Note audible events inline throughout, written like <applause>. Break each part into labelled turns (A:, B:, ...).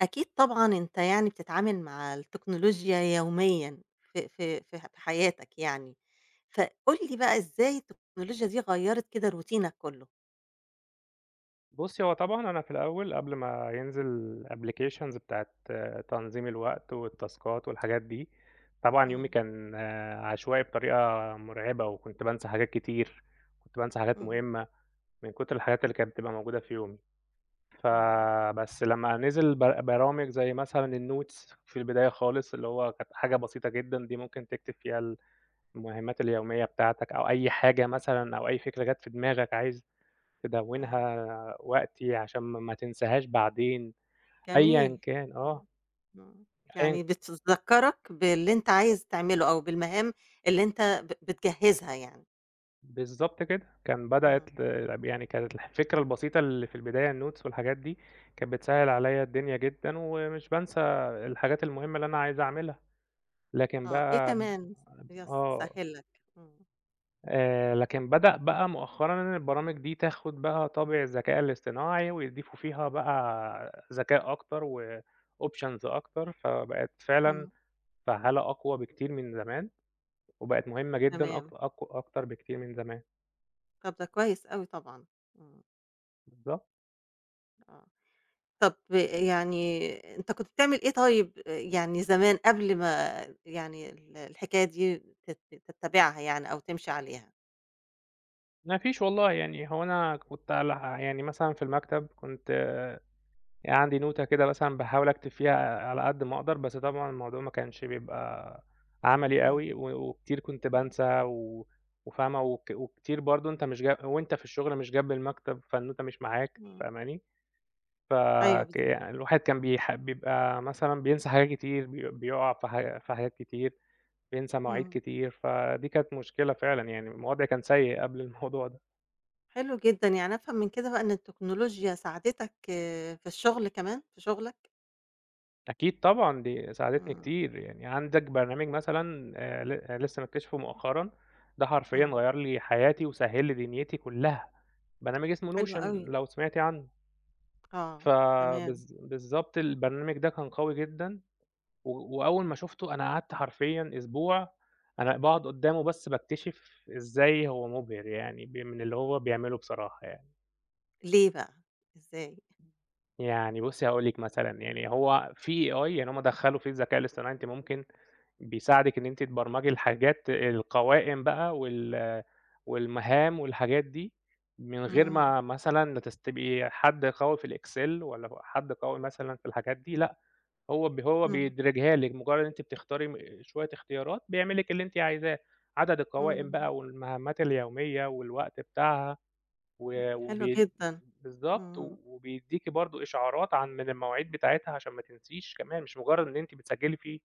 A: أكيد طبعًا أنت يعني بتِتعامل مع التكنولوجيا يوميًا في في في ح غي حياتك يعني. فقُل لي بقى إزاي التكنولوجيا دي غيّرت كده روتينك كُلّه؟
B: بُصّي، هو طبعًا أنا في الأول قبل ما ينزل applications بتاعة تنظيم الوقت، والتاسكات والحاجات دي، طبعًا يومي
A: إمم.
B: كان عشوائي بطريقة مُرعبة وكنت بانسى حاجات كتير، كنت بانسى حاجات
A: إمم.
B: مهمّة، من كُتر الحاجات اللي كانت بتبقى موجودة في يومي ف
A: إمم.
B: بس لمّا نِزِل ب برامج زي مثلًا الnotes في البِداية خالص اللي هو كانت حاجة بسيطة جدًا دي ممكن تكتب فيها ال المهامات اليوميّة بتاعتك أو أي حاجة مثلًا أو أي فكرة جات في دماغك عايز
A: آه.
B: تدوِّنها وقتي عشان م ما تنساهاش بعدين أيًا
A: جميل.
B: كان،
A: إمم.
B: آه.
A: إمم،
B: أيًا
A: يعني بتذكَّرَك باللي أنت عايز تعمله أو بالمهام اللي أنت ب بتجهّزها يعني.
B: بالضبط كده، كان
A: إمم.
B: بدأت ل طَب يعني كانت الفكرة البسيطة اللي في البداية الnotes والحاجات دي، كانت بتسهِّل عليّا الدُنيا جدًا ومش بانسى الحاجات المهمة اللي أنا عايز أعمِلها. لكن
A: آه، إيه
B: بقى ب
A: كمان يس
B: آه.
A: سهِّل لك؟ إمم.
B: آآ لكن بدأ بقى مؤخرًا إن البرامج دي تاخد بقى طابع الذكاء الاصطناعي ويضيفوا فيها بقى ذكاء أكتر وoptions أكتر، فبقِت فعلًا
A: امم.
B: فعّالة أقوى بكتير من زمان، وبقِت مهمّة جدًا
A: تمام.
B: أك أقو أكتر بكتير من زمان.
A: طب ده كويس أوي طبعًا، امم.
B: بالضبط.
A: آه، طَب آآ يعني أنت كنت بتعمل إيه طيب، ي يعني زمان قبل ما يعني ال الحكاية دي تت تتبّعها يعني أو تمشِي عليها؟
B: ما فيش والله، يعني هو أنا كنت عل يعني مثلًا في المكتب كنت عندي نوتة كده مثلًا باحاول أكتب فيها على قد ما أقدَر بس طبعًا الموضوع ما كانش بيبقى عملي
A: امم.
B: أوي و وكتير كُنت
A: امم.
B: بانسى و وفاهمة وك وكتير برضه أنت مش ج وأنت في الشغل مش جنب المكتب، فالنوتة مش معاك
A: امم.
B: فاهماني، ف
A: أيوه،
B: ك
A: بالضبط.
B: الواحد كان بيح بيبقى مثلًا بينسى حاجات كتير، بي بيقع في ح في حاجات كتير، بينسى مواعيد
A: امم.
B: كتير، فدي كانت مشكلة فعلًا يعني الم الوضع كان سيء قبل الموضوع ده.
A: حلو جدًا، يعني أفهم من كده بقى إن التكنولوجيا ساعدتك في الشُغل كمان، في شُغلك؟
B: أكيد طبعًا دي ساعدتني
A: إمم.
B: كتير، يعني عندك برنامج مثلًا آآ، ل لسّه مكتشفه مؤخرًا ده حرفيًا
A: إمم.
B: غيّر لي حياتي وسهِّل لي دُنيتي كُلّها برنامج اسمه
A: حلو
B: Notion
A: أوي.
B: لو سمعتِ عنّه.
A: آه، تمام.
B: فبالض بالضبط البرنامج ده كان قوي جدًا و وأول ما شُفته أنا قعدت حرفيًا أسبوع أنا باقعد قُدّامه بس باكتشف إزاي هو مُبهر يعني ب من اللي هو بيعمله بصراحة يعني.
A: ليه بقى، إزاى؟
B: يعني بُصّي هاقول لِك مثلًا يعني هو فيه AI يعني هم دخّلوا فيه الذكاء الاصطناعي أنتِ ممكن بيساعدِك إن أنتِ تبرمجي الحاجات القوائم بقى وال والمهام والحاجات دي من غير
A: إمم.
B: ما مثلًا تس تبقي حد قوي في الاكسل ولا ل حد قوي مثلًا في الحاجات دي لأ، هو ب هو
A: اهم.
B: بيدرجها لِك مُجرّد أنتِ بتختاري م شوية اختيارات بيعمل لِك اللي أنتِ عايزاه، عدد القوائم
A: إمم.
B: بقى والمهمات اليومية والوقت بتاعها و
A: حلو
B: وبي
A: جدًا،
B: بالضبط و
A: إمم.
B: وبيدّيكِ برضه إشعارات عن من المواعيد بتاعتها عشان ما تنسيش كمان مش مُجرّد إن أنتِ بتسجّلي فيه.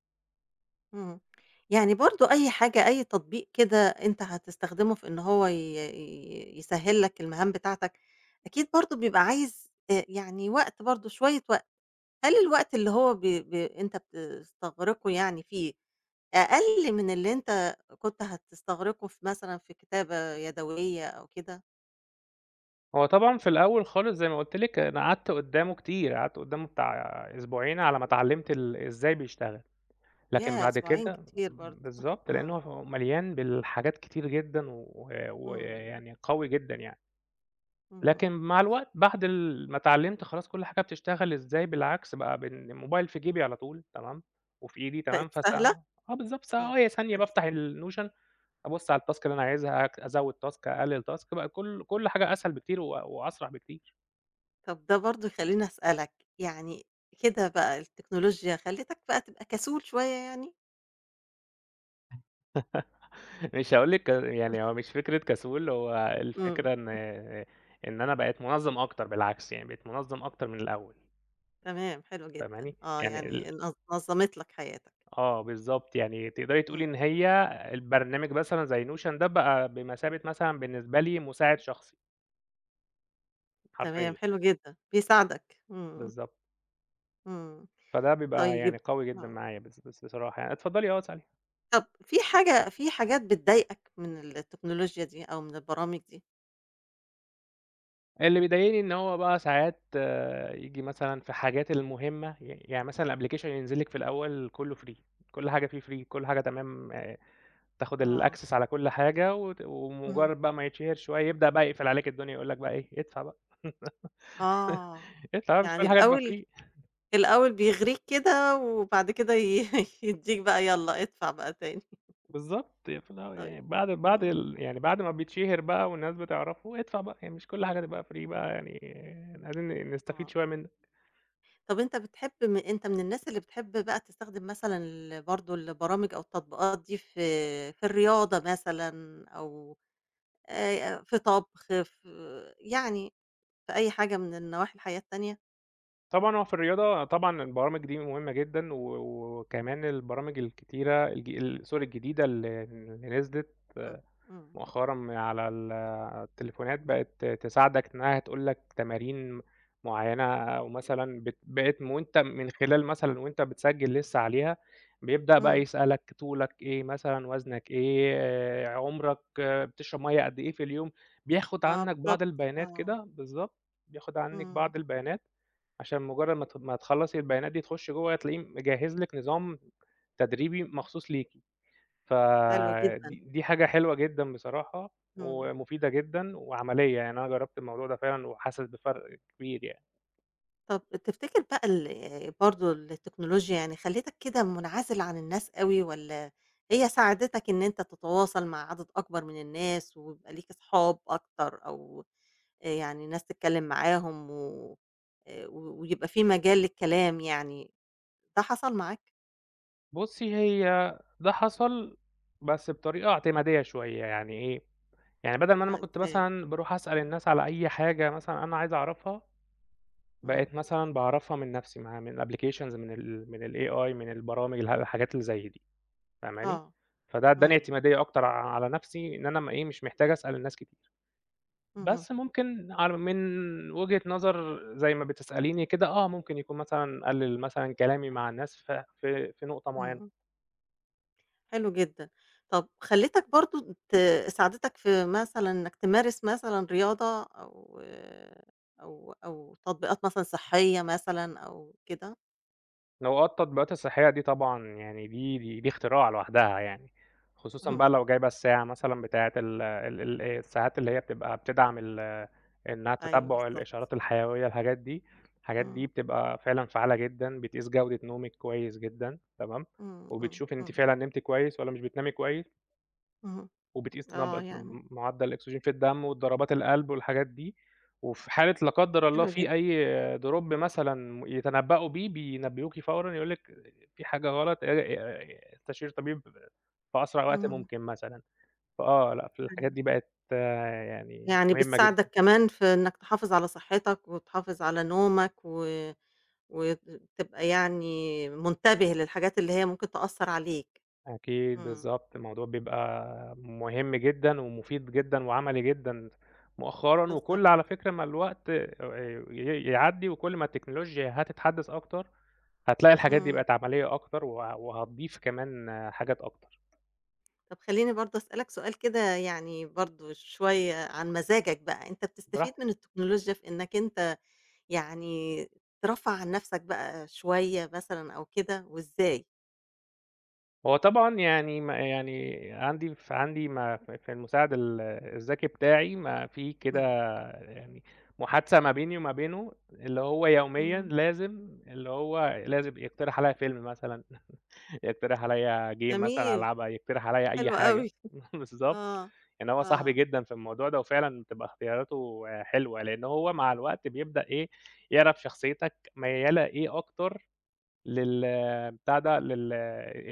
A: امم، يعني برضه أي حاجة، أي تطبيق كده أنت هتستخدمه في إن هو ي ي يسهّل لك المهام بتاعتك، أكيد برضه بيبقى عايز ت يعني وقت برضه شوية وقت، هل الوقت اللي هو ب ب أنت بتستغرقه يعني فيه أقل من اللي أنت كُنت هتستغرقه في مثلًا في كتابة يدويّة أو كده؟
B: هو طبعًا في الأول خالص زي ما قُلت لِك أنا قعَدت قُدّامه كتير، قعَدت قُدّامه بتاع أسبوعين على ما اتعلّمت ال إزاي بيشتغل، لكن
A: ياه!
B: بعد
A: أسبوعين
B: كده
A: كتير برضه،
B: بالضبط لأنه
A: آه.
B: هو مليان بالحاجات كتير جدًا و و
A: امم.
B: يعني قوي جدًا يعني.
A: اهم.
B: لكن مع الوقت بعد ال ما اتعلّمت خلاص كل حاجة بتشتغل إزاي، بالعكس بقى بالموبايل في جيبي على طول تمام، وفي إيدي تمام،
A: بقِت
B: فس
A: سهلة؟
B: <unintelligible> آه بالضبط، ث
A: امم،
B: هو ثانية
A: بقِت
B: بافتح
A: سهلة.
B: الNotion، أبُص على الTask اللي أنا عايزها أك أزوّد Task أقلّل Task بقى كل كل حاجة أسهل بكتير و وأسرع بكتير.
A: طَب ده برضه يخلّيني أسألك، يعني كده بقى التكنولوجيا خلّتك بقى تبقى كسول شوية يعني؟
B: <laughs> مش هاقول لِك يعني
A: <unintelligible>
B: هو مش فكرة كسول هو
A: إمم.
B: الفكرة إن إن أنا بقيت منظّم أكتر، بالعكس يعني بقيت منظّم أكتر من الأول.
A: تمام، حلو جدًا،
B: فاهماني؟
A: آه،
B: يعني
A: يعني
B: ال
A: نظ نظّمت لك حياتك.
B: آه بالضبط، يعني تقدري تقولي
A: إمم.
B: إن هي البرنامج مثلًا زي notion ده بقى بمَثابة مثلًا بالنسبة لي مُساعِد شخصي.
A: تمام،
B: حرفيًا.
A: حلو جدًا، بيساعدك، إمم.
B: بالضبط.
A: إمم،
B: فده بيبقى يعني
A: طيب
B: قوي جدًا
A: آه.
B: معايا بص بص بصراحة يعني، اتفضّلي آه اسألي.
A: طَب في حاجة في حاجات بتضايقك من التكنولوجيا دي أو من البرامج دي؟
B: اللي بيضايقني إن هو بقى ساعات ييجي مثلًا في الحاجات المهمة، ي يعني مثلًا الapplication ينزل لِك في الأول كُلّه free كل حاجة في free كل حاجة تمام تاخد
A: آه.
B: الaccess على كل حاجة وت
A: إمم.
B: ومُجرّد بقى ما يتشهر شوي يبدأ بقى يقفل عليك الدنيا يقول لك بقى إيه ادفع بقى. <laughs>
A: آه،
B: ادفع بقى مش
A: يعني
B: كل حاجة هتبقى
A: الأول
B: free.
A: الأول بيغرِيك كده وبعد كده ي <chuckles> يدّيك بقى يالّا ادفع بقى تاني.
B: بالضبط، هي في الأو
A: طيب،
B: يعني بعد بعد
A: إمم.
B: ال يعني بعد ما بيتشهر بقى والناس بتعرفه ادفع بقى يعني مش كل حاجة تبقى free بقى يعني لازم نستفيد
A: آه.
B: شوية منّك.
A: طَب أنت بتحب م أنت من الناس اللي بتحب بقى تستخدِم مثلًا ال برضه البرامج أو التطبيقات دي في في الرياضة مثلًا أو آآ في طَبخ، في يعني في أي حاجة من النواحي الحياة التانية؟
B: طبعًا هو في الرياضة، طبعًا البرامج دي مهمة جدًا، و و وكمان البرامج الكتيرة الج sorry الجديدة اللي اللي نزلت
A: إمم، إمم.
B: مؤخرًا من على ال التليفونات، بقت تساعدك إنّها تقول لك تمارين م معيّنة، أو مثلًا بت بقت م وأنت من خلال مثلًا وأنت بتسجّل لسّه عليها، بيبدأ بقى
A: إمم.
B: يسألك طولك إيه مثلًا، وزنك إيه، آآ عمرك بتشرب مَيّة قد إيه في اليوم؟ بياخد
A: آه
B: عنّك بعض
A: بالضبط،
B: البيانات
A: آه.
B: كده، بالضبط، بياخد عنِّك
A: إمم.
B: بعض البيانات، عشان مُجرّد ما ت ما تخلّصي البيانات دي، تخُشي جوّه هتلاقيه مجهّز لِك نظام تدريبي مخصوص ليكِ.
A: حلو جدًا.
B: فدي دي حاجة حلوة جدًا بصراحة،
A: إمم.
B: ومفيدة جدًا وعملية، يعني أنا جرّبت الموضوع ده فعلًا وحاسس بفرق كبير يعني.
A: طَب تفتكر بقى ال برضه التكنولوجيا يعني خلّتك كده مُنعزل عن الناس أوي والّا هي ساعدتك إن أنت تتواصل مع عدد أكبر من الناس ويبقى ليك أصحاب أكتر أو آآ يعني ناس تتكلِّم معاهم و آآ و ويبقى في مجال للكلام يعني، ده حصل معاك؟
B: بُصّي، هي ده حصل بس بطريقة اعتمادية شوية، يعني إيه؟ يعني بَدَل ما أنا ما
A: آه
B: كنت
A: إزاي؟
B: مثلًا باروح أسأل الناس على أي حاجة مثلًا أنا عايز أعرفها،
A: إمم.
B: بقيت مثلًا باعرفها من نَفْسي مع من applications من ال من الAI من البرامج اله الحاجات اللي زَي دي فاهماني؟
A: آه،
B: فده ادّاني
A: إمم.
B: اعتمادية أكتر ع على نَفْسي إن أنا م إيه، مش محتاج أسأل الناس كتير.
A: اهم.
B: بس ممكن على من وجهة نظر زَي ما بتسأليني كده آه، ممكن يكون مثلًا أقلِّل مثلًا كلامي مع الناس في في في نقطة معيّنة.
A: إمم. حلو جدًا، طَب خلّتك برضه ت ساعدتك في مثلًا إنّك تمارس مثلًا رياضة أو -أو أو تطبيقات مثلًا صحّية مثلًا أو كده؟
B: نو آه، التطبيقات الصحّية دي طبعًا يعني دي دي دي اختراع لوحدها يعني خصوصًا بقى
A: اهم.
B: لو جايبة الساعة مثلًا بتاعة ال ال ال الساعات اللي هي بتبقى بتدعم ال إنّها
A: أيوه
B: تتبُّع
A: بالضبط.
B: الإشارات الحيوية الحاجات دي، الحاجات دي
A: إمم.
B: بتبقى فعلًا فعّالة جدًا بتقيس جودة نومِك كويس جدًا تمام؟
A: إمم، إمم،
B: وبتشوفي أنتِ
A: إمم.
B: فعلًا نمتِ كويس والّا مش بتنامي كويس.
A: اهم،
B: وبتقيس
A: آه
B: نبض في
A: يعني.
B: مُعدّل الأكسجين في الدَم والضربات القلب والحاجات دي، وفي حالة لا قدّر الله
A: حلو جدًا.
B: في أي Drop مثلًا يتنبّأوا بيه بينبّهوكِ فورًا يقولوا لِك، في حاجة غلط آآ آآ استشير طبيب في أسرع وقت
A: اهم.
B: ممكن مثلًا، فآه، لأ، في الحاجات دي
A: أيوه.
B: بقت يعني
A: يعني
B: مهمة
A: بتساعدك
B: جدًا.
A: كمان في إنّك تحافظ على صحّتك وتحافظ على نومك و وت تبقى يعني منتبه للحاجات اللي هي ممكن تأثّر عليك،
B: أكيد
A: إمم.
B: بالضبط، الموضوع بيبقى مهم جدًا ومُفيد جدًا وعملي جدًا، مؤخرًا
A: بالضبط.
B: وكل على فكرة ما الوقت آآ ي يعدّي وكل ما التكنولوجيا هتتحدّث أكتر، هتلاقي الحاجات دي
A: إمم.
B: بقت عمليّة أكتر و وهتضيف كمان حاجات أكتر.
A: طَب خلّيني برضه أسألك سؤال كده يعني برضه شوية عن مزاجك بقى، أنت
B: براحتِك.
A: بتستفيد من التكنولوجيا في إنّك أنت يعني ترفّه عن نَفْسك بقى شوية مثلًا أو كده وإزاي؟
B: هو طبعًا يعني ما يعني عندي ف عندي ما في في المساعد ال الذكي بتاعي ما في كده
A: إمم.
B: يعني محادثة ما بيني وما بينه اللي هو يوميًا
A: إمم.
B: لازم اللي هو لازم يقترح عليّا فيلم مثلًا، <chuckles> يقترح عليّا game مثلًا
A: جميل،
B: ألعبها، يقترح عليّا أي
A: حلو
B: حاجة،
A: أوي،
B: <chuckles> بالضبط،
A: آه،
B: يعني هو صاحبي
A: آه.
B: جدًا في الموضوع ده وفعلًا بتبقى اختياراته حلوة لإن هو مع الوقت بيبدأ إيه، يعرف شخصيّتك ميّالة إيه أكتر لل بتاع ده لل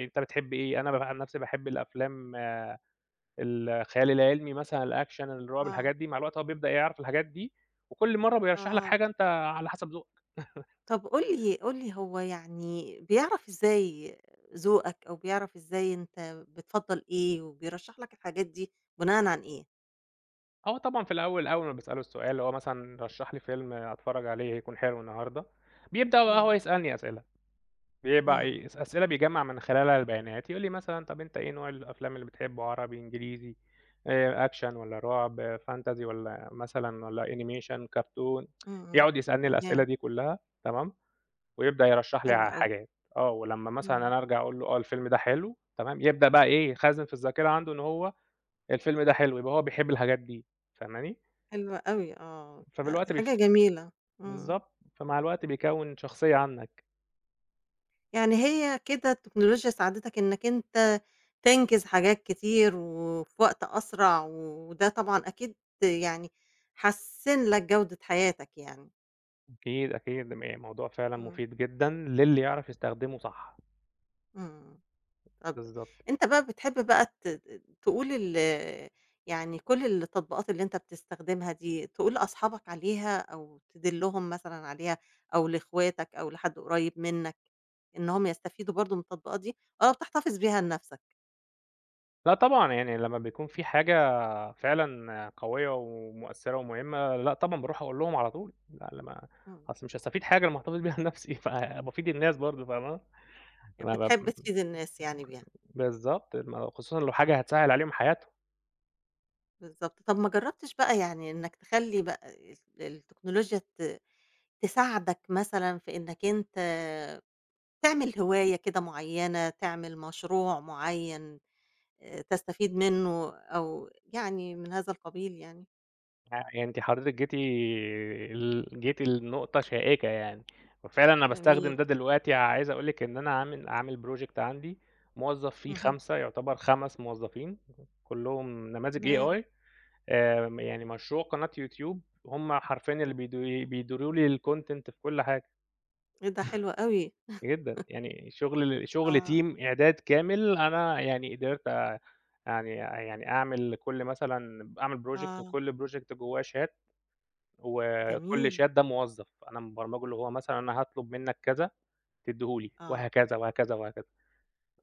B: أنت بتحب إيه، أنا ب أنا عن نَفْسي باحب الأفلام الخيال العلمي مثلًا الأكشن، الرعب
A: آه.
B: الحاجات دي مع الوقت هو بيبدأ يعرف الحاجات دي، وكل مرّه بيرشّح لك
A: آه.
B: حاجة أنت على حَسَب ذوقك. <laughs>
A: طَب قُل لي قُل لي هو يعني بيعرف إزاي ذوقك أو بيعرف إزاي أنت بتفضّل إيه وبيرشّح لك الحاجات دي بُناءً عن إيه؟
B: آه طبعًا في الأول أول ما باسأله السؤال اللي هو مثلًا رشّح لي فيلم أتفرّج عليه يكون حلو النهارده، بيبدأ بقي هو
A: إمم.
B: يسألني أسئلة، بيبقى
A: إمم.
B: إيه أس أسئلة بيجمّع من خلالها البيانات، يقول لي مثلًا طَب أنت إيه نوع الأفلام اللي بتحبّه عربي، إنجليزي، آآ أكشن والّا رُعب، fantasy والّا مثلًا والّا animation ،cartoon؟
A: إمم،
B: <tsk>
A: إمم،
B: يقعد يسألني الأسئلة
A: تمام.
B: دي كُلّها تمام، ويبدأ يرشّح لي ع
A: حلو أوي.
B: حاجات، آه، ولمّا مثلًا
A: إمم.
B: أنا أرجع أقول له آه الفيلم ده حلو تمام، يبدأ بقى إيه، يخزّن في الذاكرة عنده إن هو الفيلم ده حلو يبقى هو بيحب الحاجات دي فاهماني،
A: حلو أوي آه، ده دي
B: فبالوقت
A: حاجة
B: بيف
A: جميلة، إمم.
B: بالضبط، فمع الوقت بيكوّن شخصية عنّك.
A: يعني هي كده التكنولوجيا ساعدتك إنّك أنت تنجز حاجات كتير وفي وقت أسرع و وده طبعًا أكيد يعني حسِّن لك جودة حياتك يعني.
B: أكيد، أكيد <unintelligible> الموضوع فعلًا
A: إمم.
B: مفيد جدًا للي يعرف يستخدمه صح.
A: إمم. إمم، طَب
B: بالضبط.
A: أنت بقى بتحب بقى ت تقول ال يعني كل التطبيقات اللي أنت بتستخدمها دي تقول لأصحابك عليها أو تدلُّهم مثلًا عليها أو لإخواتك أو لحد قريّب منّك إنّهم يستفيدوا برضه من التطبيقات دي أو بتحتفظ بيها لنَفْسك؟
B: لأ طبعًا، يعني لمّا بيكون في حاجة فعلًا قوية ومؤثّرة ومهمة، لأ طبعًا باروح أقول لهم على طول، لأ لمّا
A: إمم.
B: أصل مش هاستفيد حاجة لمّا أحتفظ بيها لنَفْسي فبافيد الناس برضه فاهمه،
A: يع
B: ما بب
A: بتحب تفيد الناس يعني بيها.
B: بالضبط، م خصوصًا لو
A: آه.
B: حاجة هتسهِّل عليهم حياتهم.
A: بالضبط، طَب ما جرّبتش بقى يعني إنّك تخلّي بقى ال التكنولوجيا ت تساعدك مثلًا في إنّك أنت تعمل هواية كده معيّنة، تعمل مشروع معيّن آآ، تستفيد منّه أو يعني من هذا القبيل يعني؟
B: آآ، يعني أنتِ حضرتِك جيتِ ال جيتِ لنقطة شائكة يعني، وفعلًا أنا باستخدم
A: جميل.
B: ده دلوقتي عايز أقول لِك إن أنا عامل عامل project عندي موظّف فيه
A: اهم.
B: 5، يُعتَبر 5 موظّفين كُلّهم نماذج
A: تمام.
B: AI، آآ، م يعني مشروع قناة يوتيوب هم حرفيًا اللي بيد بيديروا لي الcontent في كل حاجة.
A: إيه ده! حلو أوي.
B: <chuckles> جدًا،
A: <laughs>
B: يعني شُغل شُغل
A: آه.
B: team إعداد كامل أنا يعني قدرت آآ، يعني يعني أعمل لكل مثلًا ب أعمل project
A: آه.
B: وكل project جوّاه شات وكل
A: جميل.
B: شات ده موظّف أنا مبرمجه اللي هو مثلًا أنا هاطلُب منّك كذا تدّيه لي
A: آه.
B: وهكذا وهكذا وهكذا.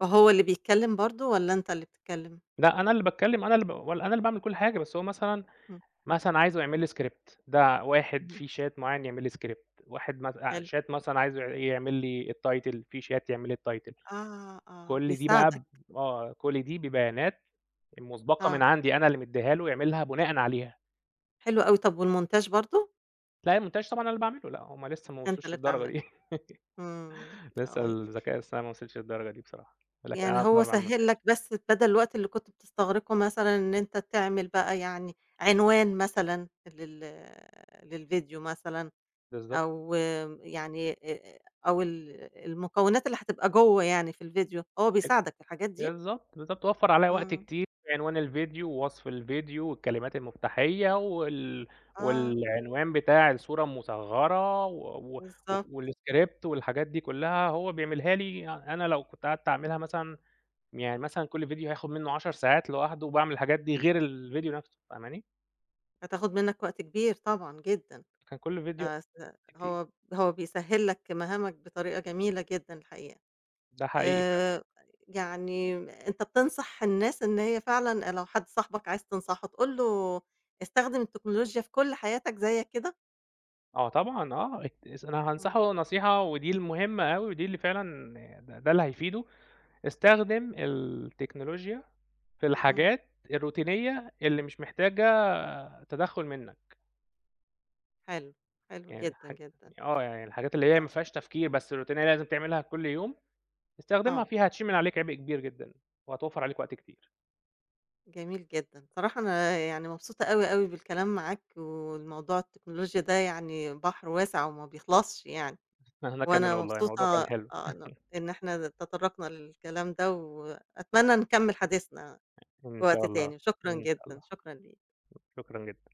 A: وهو اللي بيتكلِّم برضه والّا أنت اللي بتتكلِّم؟
B: لأ أنا اللي باتكلِّم، أنا اللي ب و أنا اللي باعمل كل حاجة بس هو مثلًا
A: إمم.
B: مثلًا عايزه يعمل لي script، ده واحد
A: إمم.
B: في شات معيّن يعمل لي script، واحد مت آآ
A: حلو.
B: شات مثلًا عايزه ع يعمل لي الtitle، في شات يعمل لي الtitle.
A: آه، آه،
B: كل دي بقى
A: بيساعدك.
B: ب آه، كل دي ببيانات مُسبَقة من
A: آه.
B: عندي أنا اللي مدّيها له يعملها بُناءً عليها.
A: حلو أوي، طَب والmontage برضه؟
B: لأ، الmontage طبعًا أنا اللي باعمله، لأ هُم لسّه ما
A: أنت
B: وصلوش
A: اللي
B: للدرجة دي.
A: تعمله. إمم،
B: <laughs> لسّه
A: آه.
B: الذكاء الأصطناعي ما وصلش للدرجة دي بصراحة، لكن
A: يعني
B: أنا ب
A: هو
B: باعمل
A: سهِّل
B: montage.
A: لك بس بَدَل الوقت اللي كنت بتستغرقه مثلًا إن أنت تعمل بقى يعني عنوان مثلًا لل للفيديو مثلًا
B: بالضبط.
A: أو يعني آآ أو ال المكونات اللي هتبقى جوّه يعني في الفيديو هو
B: <unintelligible>
A: بيساعدك في الحاجات دي؟
B: بالضبط، بالضبط، وفّر عليّا وقت
A: إمم.
B: كتير عنوان الفيديو ووصف الفيديو والكلمات المُفتاحيّة وال
A: آه.
B: والعنوان بتاع الصورة المُصغّرة و و وف
A: بالضبط.
B: والاسكريبت والحاجات دي كلّها هو بيعملها لي أ أنا لو كنت قعدت أعملها مثلًا يعني مثلًا كل فيديو هياخُد منّه 10 ساعات لوحده لوباعمل الحاجات دي غير الفيديو َنْفسه فاهماني؟
A: هتاخد منّك وقت كبير طبعًا جدًا.
B: كان كل فيديو
A: آآ س
B: كتي
A: هو هو بيسهِّل لك مهامك بطريقة جميلة جدًا الحقيقة.
B: ده حقيقي فعلًا.
A: آآ يعني أنت بتنصح الناس إن هي فعلًا آآ لو حد صاحبك عايز تنصحه تقول له استخدم التكنولوجيا في كل حياتك زيّك كده؟
B: آه طبعًا، آه، اك أنا
A: إمم.
B: هانصحه نصيحة ودي المهمة أوي ودي اللي فعلًا ده ده اللي هيفيده، استخدم التكنولوجيا في
A: إمم.
B: الحاجات الروتينية اللي مش محتاجة تدخُّل منّك.
A: حلو، حلو
B: يعني
A: جدًا،
B: حج
A: جدًا.
B: آه، يعني الحاجات اللي هي ما
A: آه
B: فيهاش تفكير بس الروتينية لازم تعملها كل يوم، استخدمها
A: آه.
B: فيها هتشيل من عليك عِبء كبير جدًا وهتوفَّر عليك وقت كتير.
A: جميل جدًا، الصراحة أنا يعني مبسوطة أوي، أوي بالكلام معاك، والموضوع التكنولوجيا ده يعني بحر واسع وما بيخلصش يعني
B: أنا كمان
A: وأنا
B: والله
A: مبسوطة
B: الموضوع كان حلو.
A: آآ ن
B: <chuckles>
A: إن إحنا تطرّقنا للكلام ده وأتمنى نكمِّل حديثنا
B: إن
A: في
B: شاء
A: وقت
B: الله،
A: تاني، شكرًا
B: إن شاء الله.
A: جدًا، شكرًا ليك.
B: شكرًا جدًا.